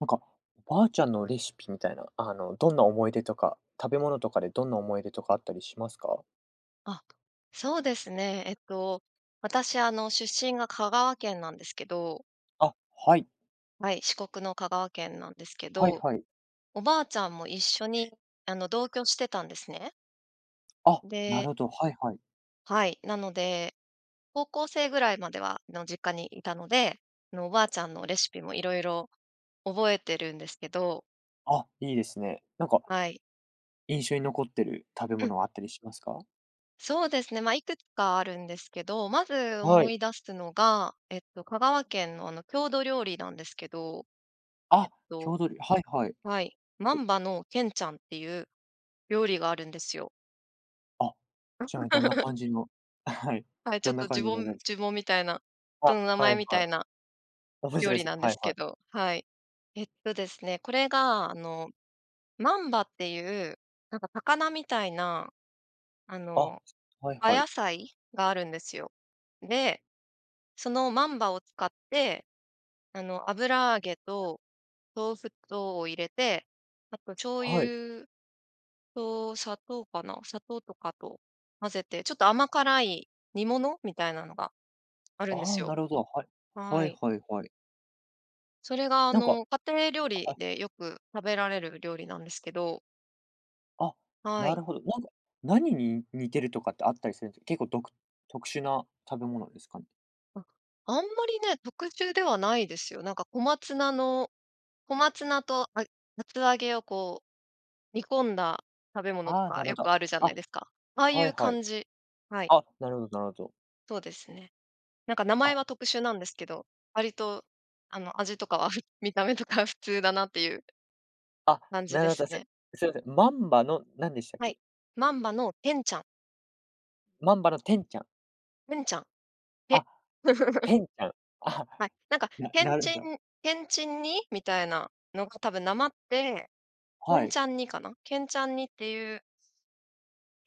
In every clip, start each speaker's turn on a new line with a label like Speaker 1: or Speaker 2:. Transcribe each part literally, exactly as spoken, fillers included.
Speaker 1: なんか、ばあちゃんのレシピみたいな、あの、どんな思い出とか、食べ物とかでどんな思い出とかあったりしますか？
Speaker 2: あっ、そうですね、えっと、私あの出身が香川県なんですけど。
Speaker 1: あ、はい。
Speaker 2: はい、四国の香川県なんですけ
Speaker 1: はい
Speaker 2: ど、
Speaker 1: はい。
Speaker 2: おばあちゃんも一緒に、あの、同居してたんですね。
Speaker 1: あ、な
Speaker 2: で
Speaker 1: るほど、はいはい。
Speaker 2: はい、なので、高校生ぐらいまでは、あの、実家にいたので、あの、おばあちゃんのレシピも色々覚えてるんですけど。
Speaker 1: あ、いいですね。なんか、
Speaker 2: はい。
Speaker 1: 印象に残ってる食べ
Speaker 2: うん。
Speaker 1: 物はあったりしますか？
Speaker 2: そうですね、まあ、いくつかあるんですけど、まず
Speaker 1: は
Speaker 2: 思
Speaker 1: い。
Speaker 2: い出すのが、えっと、香川県のあの郷土料理なんですけど。
Speaker 1: あ
Speaker 2: え
Speaker 1: っ、
Speaker 2: っと
Speaker 1: 郷土りょはいはい。
Speaker 2: はい、まんばのけんちゃんっていう料理があるんですよ。
Speaker 1: あ、ちなみにどんな 感じのあ、はい、
Speaker 2: はい、ちょ
Speaker 1: ど
Speaker 2: っ
Speaker 1: んな
Speaker 2: とじ
Speaker 1: 感
Speaker 2: ゅ
Speaker 1: じ
Speaker 2: ぼ
Speaker 1: の
Speaker 2: ん
Speaker 1: 料理？
Speaker 2: 呪文みたいな、人
Speaker 1: あ、
Speaker 2: の名
Speaker 1: は
Speaker 2: 前
Speaker 1: い
Speaker 2: みた
Speaker 1: はい。
Speaker 2: いな
Speaker 1: 面
Speaker 2: 料
Speaker 1: 白い
Speaker 2: 理
Speaker 1: す。
Speaker 2: なんで
Speaker 1: はい
Speaker 2: すけ
Speaker 1: はい。
Speaker 2: ど、はい。えっとですね、これがあの、万葉っていうなんか魚みたいな、あ
Speaker 1: あっ、
Speaker 2: の、
Speaker 1: はい
Speaker 2: あ
Speaker 1: はい。
Speaker 2: やさいがあるんですよ。で、その万葉を使って、あの、油揚げと豆腐とを入れて、あと醤
Speaker 1: はい。
Speaker 2: 油と砂糖かな？砂糖とかと混ぜて、ちょっと甘辛い煮物みたいなのがあるんで
Speaker 1: あ
Speaker 2: す
Speaker 1: あ、
Speaker 2: よ。
Speaker 1: なるほど、はい、は
Speaker 2: は
Speaker 1: い
Speaker 2: い。
Speaker 1: はいはい。
Speaker 2: それがあ
Speaker 1: なんか
Speaker 2: の家庭料
Speaker 1: あ、は
Speaker 2: 理
Speaker 1: い。
Speaker 2: でよく食べられる料理なんですけど。
Speaker 1: あ、
Speaker 2: は
Speaker 1: な
Speaker 2: い。
Speaker 1: るほど。なんか、何に似てるとかってあったりするんですか、結構、独特殊な食べ物ですかね？
Speaker 2: あ、あんまりね、特殊ではないですよ。なんか小松菜の、小松菜とあ厚揚げをこう、煮込んだ、食べ物と
Speaker 1: ああ、
Speaker 2: か
Speaker 1: なるほ
Speaker 2: よく
Speaker 1: ど。
Speaker 2: あるじゃな
Speaker 1: あ、
Speaker 2: いですか。ああい
Speaker 1: はい、
Speaker 2: う
Speaker 1: はい。
Speaker 2: 感じ。はい。
Speaker 1: あ、なるほどなるほど。
Speaker 2: そうですね。なんか名前
Speaker 1: あ。
Speaker 2: は特殊なんですけど、割とあの味とかは、見た目とか普通だなっていう。
Speaker 1: あ、
Speaker 2: 感じ
Speaker 1: な
Speaker 2: で
Speaker 1: るほ
Speaker 2: す
Speaker 1: ど、す
Speaker 2: ね。
Speaker 1: すいません、まんばのなんでしたっ
Speaker 2: は
Speaker 1: け？
Speaker 2: い、まんばのぺんちゃん。
Speaker 1: まんばのてんちゃん？
Speaker 2: ぺんちゃん、ぺ。
Speaker 1: あ、ぺんちゃん。あ、
Speaker 2: はい、なんか、
Speaker 1: な
Speaker 2: けん
Speaker 1: なる
Speaker 2: ち
Speaker 1: ほど。
Speaker 2: んけんちん煮、みたいなのが多分訛って、け
Speaker 1: は
Speaker 2: ん
Speaker 1: い。
Speaker 2: ちゃん煮かな？けんちゃん煮っていう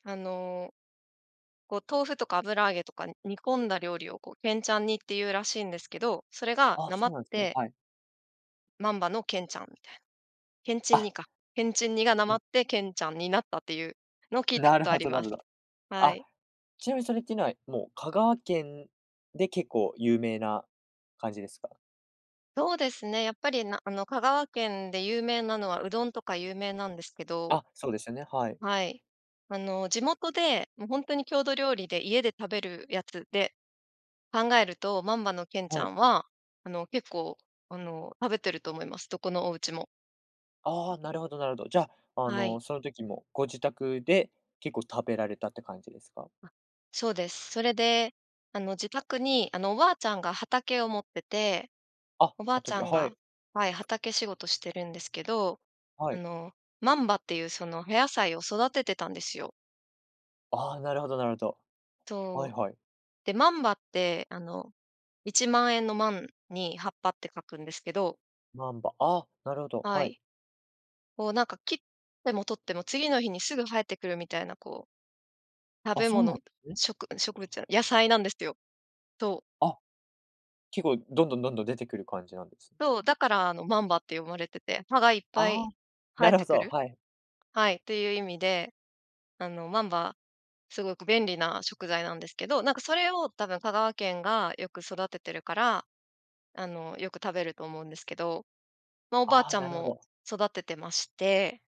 Speaker 2: あの。こう豆腐とか油揚げとか煮込んだ料理をこう、けんちゃん煮って言うらしいんですけど、それが
Speaker 1: あ、
Speaker 2: 訛
Speaker 1: そ
Speaker 2: っ
Speaker 1: うなんですね。
Speaker 2: て。
Speaker 1: はい。
Speaker 2: まんばのけんちゃんみたいな。けんちん煮
Speaker 1: あ。
Speaker 2: か。けんちん煮がなまっ
Speaker 1: [unintelligible]
Speaker 2: てけんちゃんになったっていうのを聞いた
Speaker 1: な
Speaker 2: こ
Speaker 1: る
Speaker 2: とあ
Speaker 1: ほ
Speaker 2: り
Speaker 1: どな
Speaker 2: ま
Speaker 1: る
Speaker 2: す。
Speaker 1: ほど。
Speaker 2: は
Speaker 1: あ、
Speaker 2: い。
Speaker 1: ちなみにそれきない、もう香川県で結構有名な感じですか？
Speaker 2: そうですね、やっぱり、なあの香川県で有名なのはうどんとか有名なんですけど。
Speaker 1: あ、そうですよね。はい。
Speaker 2: はい。あの、地元で、もうほんとに郷土料理で家で食べるやつで、考えると、まんばのけんち
Speaker 1: は
Speaker 2: ゃ
Speaker 1: い。
Speaker 2: んは、あの、結構、あの、食べてると思います。どこのお家も。
Speaker 1: ああ、なるほどなるほど、じゃ、あ
Speaker 2: は
Speaker 1: の、
Speaker 2: い。
Speaker 1: その時もご自宅で結構食べられたって感じですか？
Speaker 2: あ、そうです。それで、あの、自宅にあの、おばあちゃんが畑を持ってて、
Speaker 1: あ、
Speaker 2: おばあちゃ
Speaker 1: 畑、
Speaker 2: ん
Speaker 1: はい。
Speaker 2: が、はい、畑仕事してるんですけど、
Speaker 1: は
Speaker 2: あ
Speaker 1: い。
Speaker 2: の、まんばっていうそのお野菜を育ててたんですよ。
Speaker 1: ああ、なるほどなるほど。はい
Speaker 2: そう、
Speaker 1: はい。
Speaker 2: で、まんばってあの一万円の万に、葉っぱって書くんですけど。
Speaker 1: 万葉、あ、なるほど、
Speaker 2: は
Speaker 1: はい。
Speaker 2: い。こうなんか切っても取っても、次の日にすぐ生えてくるみたいな、こう食
Speaker 1: あ、
Speaker 2: べ
Speaker 1: そうな
Speaker 2: 物、
Speaker 1: んですね。
Speaker 2: しょく植物じゃない、野菜なんですよ、と
Speaker 1: あっ、結構どんどんどんどん出てくる感じなんです。
Speaker 2: そう、だからあの万葉って呼ばれてて、葉がいっぱ
Speaker 1: あ、
Speaker 2: い生
Speaker 1: な
Speaker 2: え
Speaker 1: る
Speaker 2: て
Speaker 1: ほ
Speaker 2: く
Speaker 1: そ、
Speaker 2: る
Speaker 1: はい。
Speaker 2: はい。という意味で、あの万葉、すごく便利な食材なんですけど、なんかそれを多分香川県がよく育ててるから、あの、よく食べると思うんですけど、まあ、おばあち
Speaker 1: あ、
Speaker 2: ゃ
Speaker 1: な
Speaker 2: ん
Speaker 1: るほ
Speaker 2: も
Speaker 1: ど。
Speaker 2: 育ててまして、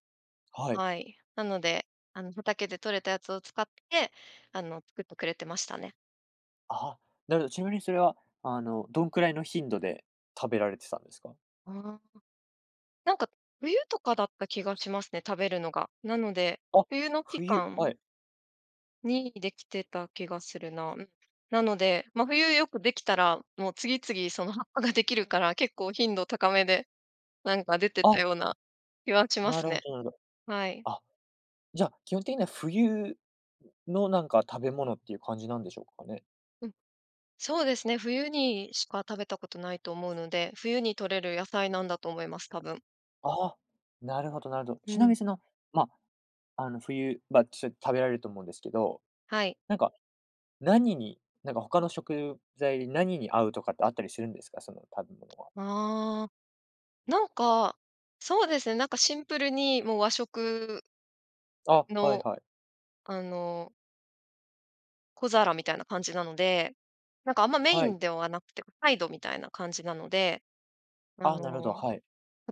Speaker 1: はい。
Speaker 2: はい。なので、あの畑で取れたやつを使って、あの、作ってくれてましたね。
Speaker 1: ああ、なるほど、ちなみにそれは、あの、どんくらいの頻度で食べられてたんですか？
Speaker 2: ああ。なんか、冬とかだった気がしますね、食べるのが。なので、
Speaker 1: あっ、
Speaker 2: 冬の期
Speaker 1: 冬、
Speaker 2: 間
Speaker 1: はい。
Speaker 2: にできてた気がするな、うん。なので、ま、冬よくできたら、もう次々その葉っぱができるから、結構頻度高めでなんか出てた
Speaker 1: あ。
Speaker 2: ような気はしま
Speaker 1: な
Speaker 2: す
Speaker 1: るほ
Speaker 2: ね。
Speaker 1: どなるほど。
Speaker 2: はい。
Speaker 1: あ、じゃあ、基本的には冬のなんか食べ物っていう感じなんでしょうかね？
Speaker 2: うん、そうですね、冬にしか食べたことないと思うので、冬に採れる野菜なんだと思います、多分。
Speaker 1: ああ、なるほどなるほど、
Speaker 2: う
Speaker 1: ちなみ
Speaker 2: ん。
Speaker 1: に、その、ま、あの、冬場ちょっ食べられると思うんですけど、
Speaker 2: はい。
Speaker 1: なんか、何に、なんか他の食材で何に合うとかってあったりするんですか、その食べ物は？
Speaker 2: ああ、なんか、そうですね、なんかシンプルにもう、和食
Speaker 1: あ、はい
Speaker 2: の、
Speaker 1: はい。
Speaker 2: あの小皿みたいな感じなので、なんかあんまメイ
Speaker 1: は
Speaker 2: ン
Speaker 1: い。
Speaker 2: ではなくて、こう、サイドみたいな感じなので、あ
Speaker 1: ああ、なるほど、
Speaker 2: の、
Speaker 1: はい。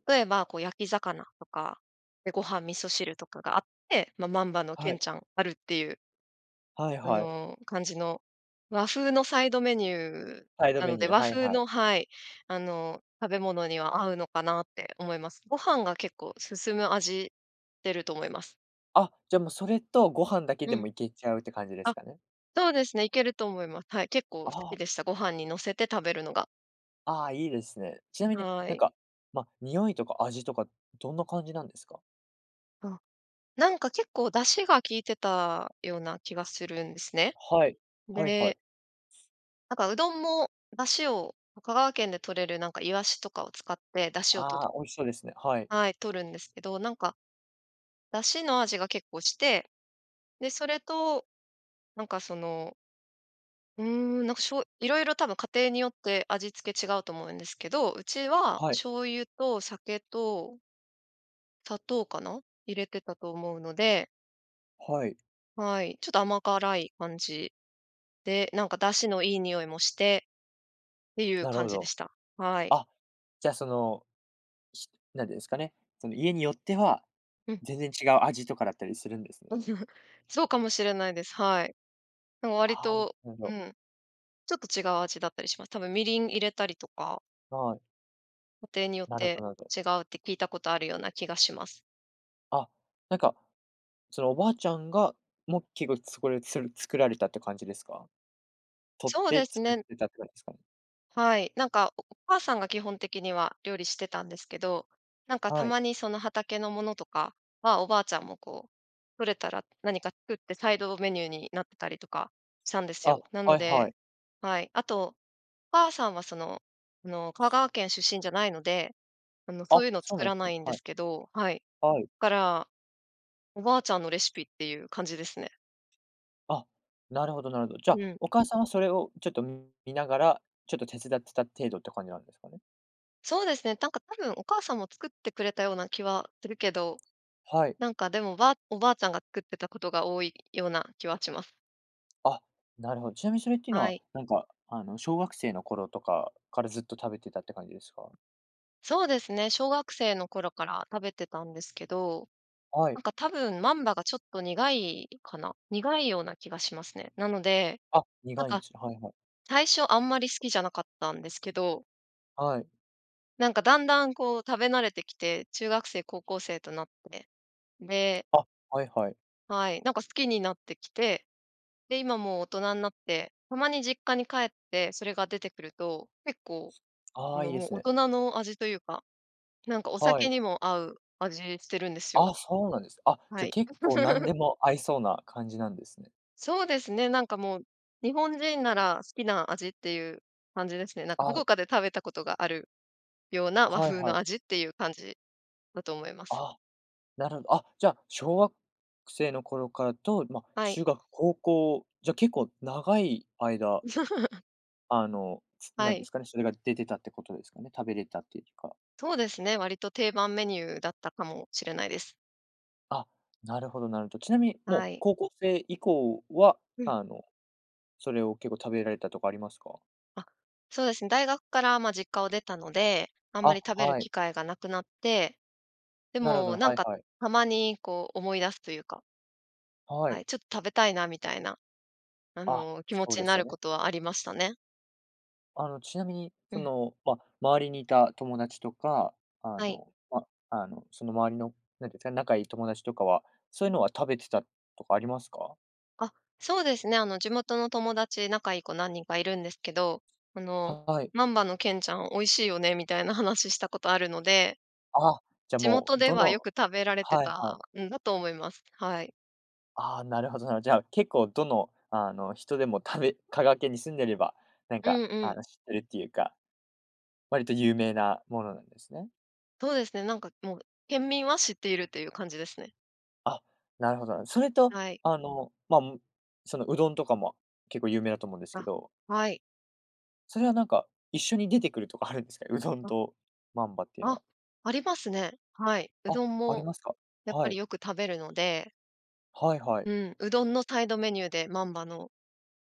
Speaker 2: 例えば、こう、焼き魚とか、で、ご飯味噌汁とかがあって、まあ、まんばのけ
Speaker 1: は
Speaker 2: ん
Speaker 1: い。
Speaker 2: ちゃんあるっていう。
Speaker 1: はい
Speaker 2: あ
Speaker 1: はい。
Speaker 2: の、感じの、和風のサイドメニュー
Speaker 1: サイド
Speaker 2: な
Speaker 1: メ
Speaker 2: の
Speaker 1: ニ
Speaker 2: で、
Speaker 1: ュー、
Speaker 2: 和
Speaker 1: はい
Speaker 2: 風
Speaker 1: はい。
Speaker 2: のはい、あの、食べ物には合うのかなって思います。ご飯が結構進む味ってると思います。
Speaker 1: あ、じゃ、もう、それとご飯だけで
Speaker 2: うん。
Speaker 1: もいけちゃうって感じで
Speaker 2: あ、
Speaker 1: すかね？
Speaker 2: そうですね、いけると思います。はい、結構好
Speaker 1: あ
Speaker 2: き
Speaker 1: あ。
Speaker 2: でした、ご飯に乗せて食べるのが。
Speaker 1: ああ、いいですね。ちなみに、
Speaker 2: は
Speaker 1: なん
Speaker 2: い。
Speaker 1: か、ま、匂いとか味とかどんな感じなんですか？
Speaker 2: あ、なんか結構出汁が効いてたような気がするんですね。
Speaker 1: はい。はいは
Speaker 2: で
Speaker 1: い。
Speaker 2: なんかうどんも出汁を香川県で採れるなんかイワシとかを使って出汁を取る。
Speaker 1: ああ、美味しそうですね。はい。
Speaker 2: はい、取るんですけど、なんか。出汁の味が結構して、で、それと、なんかそのうーん、なんか、しょういろいろ多分家庭によって味付け違うと思うんですけど、うちは
Speaker 1: はい。
Speaker 2: 醤油と酒と砂糖かな？入れてたと思うので。
Speaker 1: はい。
Speaker 2: はい、ちょっと甘辛い感じ、で、なんか出汁のいい匂いもして、ていう
Speaker 1: なる
Speaker 2: 感
Speaker 1: ほ
Speaker 2: じで
Speaker 1: ど。
Speaker 2: した。はい。
Speaker 1: あ、じゃ、その。しなんでいうんですかね、その家によっては、
Speaker 2: うん。
Speaker 1: 全然違う味とかだったりするんですね。
Speaker 2: そうかもしれないです。はい。なんか割
Speaker 1: ある
Speaker 2: と、
Speaker 1: ほど。
Speaker 2: うん、ちょっと違う味だったりします。たぶんみりん入れたりとか。
Speaker 1: はい。
Speaker 2: 家庭によっ
Speaker 1: なるほど
Speaker 2: て
Speaker 1: なるほど。
Speaker 2: 違うって聞いたことあるような気がします。
Speaker 1: あっ、なんか、そのおばあちゃんがもきごつこれそれ、作られたって感じですか？取っ
Speaker 2: そう
Speaker 1: て
Speaker 2: です
Speaker 1: 作
Speaker 2: ね
Speaker 1: っ
Speaker 2: ん
Speaker 1: てたって感じすか？
Speaker 2: はい、なんか、おお母さんが基本的には料理してたんですけど、なんか、た
Speaker 1: はい。
Speaker 2: まにその畑のものとかは、おばあちゃんもこう、取れたら何か作ってサイドメニューになってたりとかしたんです
Speaker 1: あ、
Speaker 2: よ。なの
Speaker 1: はいは
Speaker 2: で
Speaker 1: い。
Speaker 2: はい、あと、お母さんはその、あの、香川県出身じゃないので、あの、
Speaker 1: あ
Speaker 2: そ
Speaker 1: っ、
Speaker 2: ういうの
Speaker 1: そう
Speaker 2: 作
Speaker 1: なんで
Speaker 2: ら
Speaker 1: す
Speaker 2: な
Speaker 1: ね、
Speaker 2: いんで
Speaker 1: はい。
Speaker 2: すけどはい。
Speaker 1: はい。
Speaker 2: だから、おばあちゃんのレシピっていう感じですね。
Speaker 1: あっ、なるほどなるほど、じゃ、
Speaker 2: うん。
Speaker 1: お母さんはそれをちょっとん、見ながら、ちょっと手伝ってた程度って感じなんですかね？
Speaker 2: そうですね。なんか、多分お母さんも作ってくれたような気はするけど。
Speaker 1: はい。
Speaker 2: なんか、でも、ばあおばあちゃんが作ってたことが多いような気はします。
Speaker 1: あっ、なるほど、ちなみにそれっていうの
Speaker 2: は
Speaker 1: は、
Speaker 2: い。
Speaker 1: なんか、あの、小学生の頃とかからずっと食べてたって感じですか？
Speaker 2: そうですね、小学生の頃から食べてたんですけど、
Speaker 1: は
Speaker 2: な
Speaker 1: い。
Speaker 2: んか多分万葉がちょっと苦いかな？苦いような気がしますね。なので、
Speaker 1: あっ、
Speaker 2: なん
Speaker 1: 苦いんで
Speaker 2: か
Speaker 1: すか。はいはい。
Speaker 2: 最初あんまり好きじゃなかったんですけど。
Speaker 1: はい。
Speaker 2: なんかだんだんこう食べ慣れてきて、中学生、高校生となって、で
Speaker 1: あ、はいはい。
Speaker 2: はい、なんか好きになってきて、で、今もう大人になって、たまに実家に帰って、それが出てくると、結構、あ
Speaker 1: あ、い
Speaker 2: の、
Speaker 1: いで
Speaker 2: もう
Speaker 1: す
Speaker 2: 大
Speaker 1: ね。
Speaker 2: 人の味というか、なんかお
Speaker 1: は
Speaker 2: 酒
Speaker 1: い。
Speaker 2: にも合う味してるんですよ。
Speaker 1: あ、そうなんです。あ、
Speaker 2: は
Speaker 1: じゃ
Speaker 2: い。
Speaker 1: 結構何 でも合いそうな感じなんですね。
Speaker 2: そうですね、なんかもう、日本人なら好きな味っていう感じですね。なんかど
Speaker 1: あ
Speaker 2: こかで食べたことがあるような和
Speaker 1: はい
Speaker 2: 風
Speaker 1: は
Speaker 2: の
Speaker 1: い。
Speaker 2: 味っていう感じだと思います。
Speaker 1: あ、なるほどあ、じゃ、小学生の頃からと、ま、
Speaker 2: はい。
Speaker 1: 中学、高校、じゃ結構長い間 あの、つ
Speaker 2: は
Speaker 1: 何で
Speaker 2: い。
Speaker 1: すかね、それが出てたってことですかね、食べれたっていうか。
Speaker 2: そうですね、割と定番メニューだったかもしれないです。
Speaker 1: あ、なるほどなるほど。ちなみに、もう
Speaker 2: はい。
Speaker 1: 高校生以降は、
Speaker 2: うん。
Speaker 1: あの、それを結構食べられたとかありますか？
Speaker 2: あ、そうです。大学から、まあ、実家を出たので、あんま
Speaker 1: あ、
Speaker 2: り食べる
Speaker 1: はい。
Speaker 2: 機会がなくなって、で
Speaker 1: なるほど、
Speaker 2: も、なん
Speaker 1: はい
Speaker 2: か
Speaker 1: はい。
Speaker 2: たまにこう思い出すというか。
Speaker 1: は
Speaker 2: は
Speaker 1: い。
Speaker 2: い、ちょっ食べたいなみたいな、あ
Speaker 1: あ、
Speaker 2: の気持
Speaker 1: そう
Speaker 2: ち
Speaker 1: で
Speaker 2: に
Speaker 1: す
Speaker 2: な
Speaker 1: よ
Speaker 2: るこ
Speaker 1: ね。
Speaker 2: とはありましたね。
Speaker 1: あの、ちなみに、
Speaker 2: う
Speaker 1: そ
Speaker 2: ん。
Speaker 1: の、ま、周りにいた友達とか、あ
Speaker 2: はい。
Speaker 1: の、ま、あの、その周りの、なんていうんですかね、仲いい友達とかは、そういうのは食べてたとかありますか？
Speaker 2: あ、そうですね、あの、地元の友達、仲いい子何人かいるんですけど、あの、
Speaker 1: はい。
Speaker 2: まんばのけんちゃん美味しいよね、みたいな話したことあるので。
Speaker 1: あ、じゃ、
Speaker 2: 地
Speaker 1: も
Speaker 2: 元
Speaker 1: う、
Speaker 2: で
Speaker 1: ど
Speaker 2: はよ
Speaker 1: の
Speaker 2: く食べられて
Speaker 1: はい、
Speaker 2: た
Speaker 1: はい。
Speaker 2: んだと思います。はい。
Speaker 1: ああ、なるほどなるほど。じゃあ結構どのあの人でも食べ香川県に住んでれば、なん
Speaker 2: う
Speaker 1: か
Speaker 2: ん、う
Speaker 1: あ
Speaker 2: ん。
Speaker 1: の知ってるっていうか。割と有名なものなんですね。
Speaker 2: そうですね、なんかもう、県民は知っているっという感じですね。
Speaker 1: あ、なるほど。それと、
Speaker 2: はい。
Speaker 1: あの、まんそのうどんとかも結構有名だと思うんですけ
Speaker 2: あ、
Speaker 1: ど。
Speaker 2: はい。
Speaker 1: それはなんか、一緒に出てくるとかあるんですか、うどん
Speaker 2: あ。
Speaker 1: とまんばっていうの
Speaker 2: あ。
Speaker 1: は？
Speaker 2: ありますね。はい。う
Speaker 1: あ、
Speaker 2: どん
Speaker 1: あり
Speaker 2: も
Speaker 1: ますか？
Speaker 2: やっ
Speaker 1: は
Speaker 2: ぱり
Speaker 1: い。
Speaker 2: よく食べるので。
Speaker 1: はい、はい。
Speaker 2: うん、うどんのサイドメニューでまんばの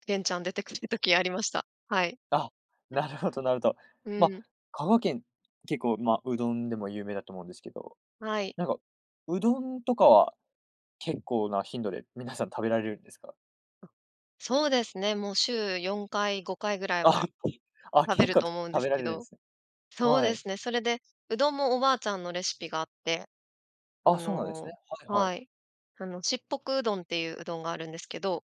Speaker 2: げんちゃん出てくる時ありました。はい。
Speaker 1: あ、なるほどなるほど。
Speaker 2: う
Speaker 1: ま、
Speaker 2: ん。
Speaker 1: 香川県、結構、ま、うどんでも有名だと思うんですけど、
Speaker 2: はい。
Speaker 1: なんかうどんとかは結構な頻度で皆さん食べられるんですか？
Speaker 2: あ、そうですね、もう、週よんかいごかいぐらい
Speaker 1: あ、は
Speaker 2: は
Speaker 1: い。ああ、
Speaker 2: 食べ
Speaker 1: け
Speaker 2: る
Speaker 1: か
Speaker 2: と
Speaker 1: と
Speaker 2: 思うんで
Speaker 1: 食べ
Speaker 2: す
Speaker 1: ら
Speaker 2: け
Speaker 1: れるんで
Speaker 2: ど
Speaker 1: すね。
Speaker 2: そう
Speaker 1: は
Speaker 2: で
Speaker 1: い。
Speaker 2: すね、それで、うどんもおばあちゃんのレシピがあって、あ
Speaker 1: あ、そうなんです
Speaker 2: の
Speaker 1: ね。はいはい。
Speaker 2: はい、あの、しっぽくうどんっていう、うどんがあるんですけど。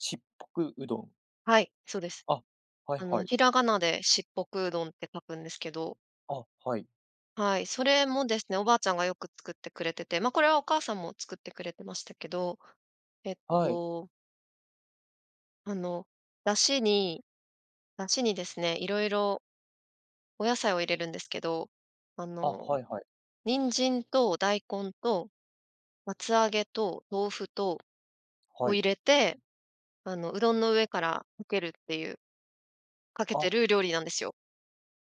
Speaker 1: しっぽくうどん？
Speaker 2: はい、そうです。
Speaker 1: あ、はい
Speaker 2: あの、
Speaker 1: はい。
Speaker 2: ひらがなでしっぽくうどんって書くんですけど。
Speaker 1: あ、はい。
Speaker 2: はい、それもですね、おばあちゃんがよく作ってくれてて、まあ、これはお母さんも作ってくれてましたけど、えっ
Speaker 1: はい。
Speaker 2: とあの、出汁に出汁にですね、いろいろお野菜を入れるんですけど、あ
Speaker 1: あ、
Speaker 2: の、
Speaker 1: はいはい。
Speaker 2: 人参と大根と厚揚げと豆腐と
Speaker 1: は
Speaker 2: を
Speaker 1: い。
Speaker 2: 入れて、あの、うどんの上からかけるっていうかけて
Speaker 1: あ。
Speaker 2: る料理なんですよ。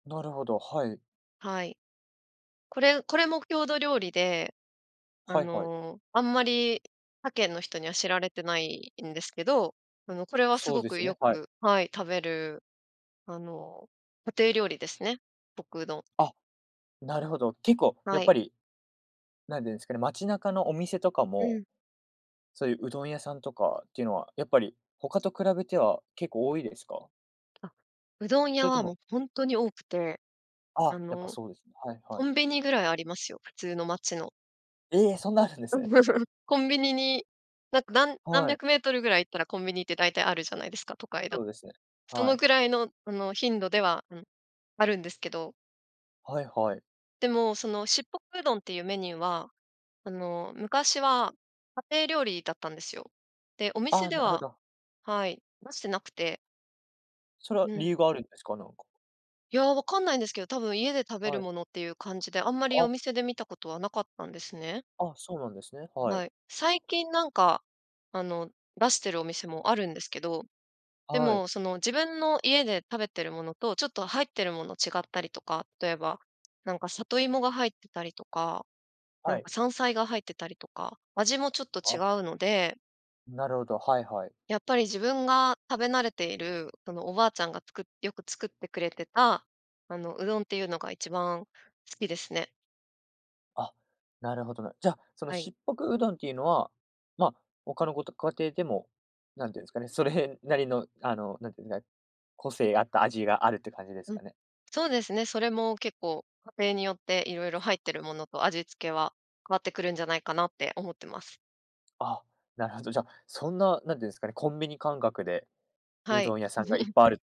Speaker 1: なるほど、はい。
Speaker 2: はい。これこれも郷土料理で、あ
Speaker 1: はいはい。
Speaker 2: の、あんまり他県の人には知られてないんですけど、あの、これはす
Speaker 1: そう
Speaker 2: ご
Speaker 1: で
Speaker 2: く
Speaker 1: すよ
Speaker 2: よ
Speaker 1: ね。はい。
Speaker 2: くはい、食べる、あの、家庭料理ですね。しっぽくうどん。
Speaker 1: あ、なるほど、結構
Speaker 2: は
Speaker 1: やっ
Speaker 2: い。
Speaker 1: ぱりなんて言うんですかね、街中のお店とか
Speaker 2: う
Speaker 1: も、
Speaker 2: ん。
Speaker 1: そういう、うどん屋さんとかっていうのは、やっぱり、他と比べては結構多いですか？
Speaker 2: あ、うどん
Speaker 1: そ
Speaker 2: 屋
Speaker 1: れと
Speaker 2: は
Speaker 1: も
Speaker 2: もうほんとに多くて、
Speaker 1: あ、
Speaker 2: あ
Speaker 1: やっぱ
Speaker 2: の、
Speaker 1: そうですね。はいは
Speaker 2: コ
Speaker 1: い。
Speaker 2: ンビニぐらいありますよ、普通の町の。
Speaker 1: え！そんなあるんで
Speaker 2: う
Speaker 1: す
Speaker 2: ん、
Speaker 1: ね。
Speaker 2: コンビニに、なんかなん何
Speaker 1: はい。
Speaker 2: 百メートルぐらい行ったらコンビニって大体あるじゃないですか、都会だ
Speaker 1: そ
Speaker 2: と。
Speaker 1: うですね、
Speaker 2: そ
Speaker 1: は
Speaker 2: の
Speaker 1: い。
Speaker 2: ぐらいの、あの、頻度では、うん、あるんですけど。
Speaker 1: はいはい。
Speaker 2: でも、そのしっぽくうどんっていうメニューは、あの、昔は家庭料理だったんですよ。で、お
Speaker 1: あ
Speaker 2: 店
Speaker 1: あ、
Speaker 2: で
Speaker 1: なるほ
Speaker 2: は
Speaker 1: ど。
Speaker 2: はい、出してなくて。
Speaker 1: それは
Speaker 2: う
Speaker 1: 理
Speaker 2: ん。
Speaker 1: 由があるんですか、なんか？
Speaker 2: いや、分かんないんですけど、多分家で食べる
Speaker 1: はい。
Speaker 2: ものっていう感じで、あんまりお
Speaker 1: あ。
Speaker 2: 店で見たことはなかったんですね。
Speaker 1: あ、そうなんですね、はい。
Speaker 2: はい、最近、なんかあの、出してるお店もあるんですけど、で
Speaker 1: はい。
Speaker 2: もその自分の家で食べてるものとちょっと入ってるもの違ったりとか、例えば、なんか里芋が入ってたりとか、な
Speaker 1: は
Speaker 2: ん
Speaker 1: い。
Speaker 2: か山菜が入ってたりとか、味もちょっと違
Speaker 1: あ。
Speaker 2: うので
Speaker 1: なるほど、はいはい。
Speaker 2: やっぱり自分が食べ慣れている、そのおばあちゃんがつくよく作ってくれてた、あのうどんっていうのがいちばん好きですね。
Speaker 1: あ、なるほどな。じゃ、その
Speaker 2: はい。
Speaker 1: しっぽくうどんっていうのは、ま、他のごと家庭でも、なんて言うんですかね、それなりのあのなんて言うんだ、個性あった味があるって感じです
Speaker 2: うん、
Speaker 1: かね。
Speaker 2: そうですね、それも結構家庭によって色々入ってるものと味付けは変わってくるんじゃないかなって思ってます。
Speaker 1: あ、なるほど、じゃ、そんな、何て言うんですかね、コンビニ感覚で、う
Speaker 2: はい。
Speaker 1: どん屋さんがいっ ぱいあるっ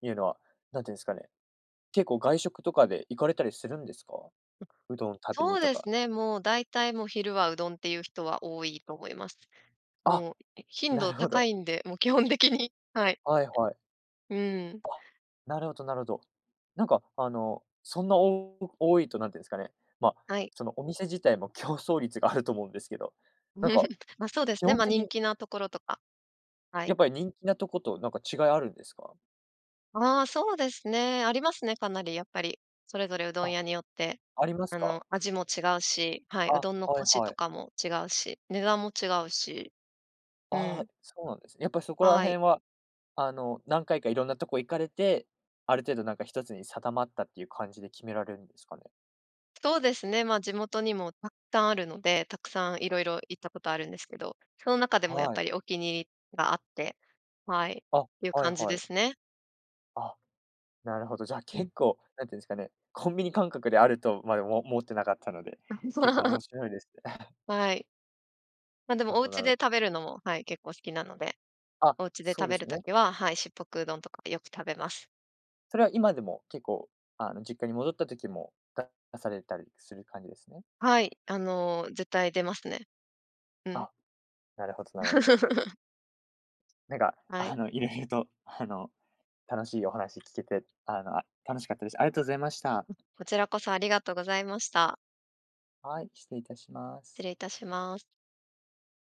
Speaker 1: ていうのは、何て言うんですかね、結構外食とかで行かれたりするんですか？
Speaker 2: あ、
Speaker 1: うどん食べ
Speaker 2: そ
Speaker 1: に
Speaker 2: う
Speaker 1: と
Speaker 2: で
Speaker 1: か。
Speaker 2: すね、もう大体もう昼はうどんっていう人は多いと思います。
Speaker 1: あ、
Speaker 2: もう、頻
Speaker 1: な
Speaker 2: 度
Speaker 1: るほ
Speaker 2: 高
Speaker 1: ど。
Speaker 2: いんで、もう基本的に。はい。
Speaker 1: はいはい。
Speaker 2: うん。
Speaker 1: うわ、なるほどなるほど。なんかあのそんな、多多いと何て言うんですかね、ま、
Speaker 2: はい。
Speaker 1: そのお店自体も競争率があると思うんですけど、なんか
Speaker 2: ま、そうです
Speaker 1: 基
Speaker 2: ね、
Speaker 1: 本
Speaker 2: ま、人
Speaker 1: 的
Speaker 2: 気なところとか。はい。
Speaker 1: やっぱり人気なとことなんか違いあるんですか？
Speaker 2: あ、そうですね、ありますね、かなりやっぱり。それぞれうどん
Speaker 1: あ、
Speaker 2: 屋によって、
Speaker 1: あります
Speaker 2: あ
Speaker 1: か？
Speaker 2: の、味も違うし、はい、う
Speaker 1: あ、
Speaker 2: どんの
Speaker 1: は
Speaker 2: コ
Speaker 1: い
Speaker 2: シ
Speaker 1: は
Speaker 2: と
Speaker 1: い。
Speaker 2: かも違うし、値段も違うし。う
Speaker 1: あ
Speaker 2: ん。
Speaker 1: あ、そうなんですね、やっぱそこら
Speaker 2: はい。
Speaker 1: 辺は、あの、何回かいろんなとこ行かれて、ある程度なんかひとつに定まったっていう感じで決められるんですかね？
Speaker 2: そうですね、ま、地元にもたくさんあるので、たくさん色々行ったことあるんですけど、その中でもやっ
Speaker 1: はい。
Speaker 2: ぱりお気に入りがあって、はい。
Speaker 1: あ、
Speaker 2: ていう
Speaker 1: はい
Speaker 2: 感じ
Speaker 1: は
Speaker 2: で
Speaker 1: い。
Speaker 2: すね。
Speaker 1: あ、なるほど、じゃあ
Speaker 2: うん。
Speaker 1: 結構、何て言うんですかね、コンビニ感覚であるとまでももってなかったので、結構 面白いですね。
Speaker 2: はい。ま、で
Speaker 1: な
Speaker 2: も
Speaker 1: る
Speaker 2: お
Speaker 1: ほど、な
Speaker 2: 家で
Speaker 1: る
Speaker 2: 食べるのも、はい、結構好きなので、
Speaker 1: あ、
Speaker 2: お家で
Speaker 1: そ
Speaker 2: 食
Speaker 1: うで
Speaker 2: べ
Speaker 1: す
Speaker 2: る
Speaker 1: よね。
Speaker 2: 時は、はい、しっぽくうどんとかよく食べます。
Speaker 1: それは今でも結構、あの、実家に戻った時も、だ出されたりする感じですね。
Speaker 2: はい、あの絶対出ますね。うん。
Speaker 1: あ、なるほどなるほど。なんか、
Speaker 2: は
Speaker 1: あ
Speaker 2: い。
Speaker 1: の色々とあの楽しいお話聞けて、あの楽しかったです。ありがとうございました。
Speaker 2: うん。こちらこそありがとうございました。
Speaker 1: はい、失礼いたします。
Speaker 2: 失礼いたします。